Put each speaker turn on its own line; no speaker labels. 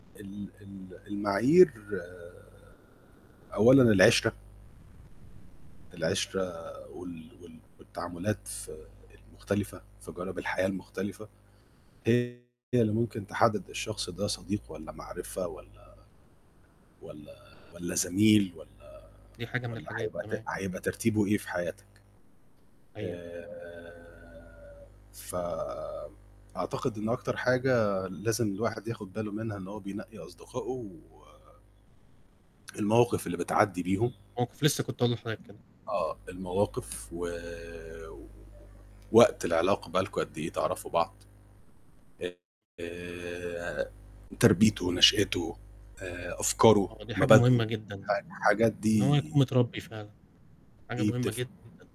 ال ال المعايير آآ أولًا العِشرَة. العِشرَة وال وال والتعاملات المختلفة في جوانب الحياة المختلفة، هي اللي ممكن تحدد الشخص ده صديق والّا معرفة والّا والّا والّا زميل والّا
دي حاجة من
والّا
الحاجات،
هيبقى ت
تمام.
هيبقى ترتيبه إيه في حياتك.
أيوه.
آآ ف أعتقد إن أكتر حاجة لازم الواحد ياخد باله منها إن هو بينقي أصدقائه و المواقف اللي بتعدّي بيهم.
موقف لسّه كنت هاقول لحضرتك كده.
آه، المواقف و وقت العلاقة بقى لكم قد إيه تعرَفوا بعض، آآ تربيته نشأته آآ أفكاره
آه، دي حاجة
مبادئه
مهمة جدًا،
ح حاجات
إن هو
دي
يكون متربي فعلًا، حاجة
دي
مهمة
بتفرق.
جدًا.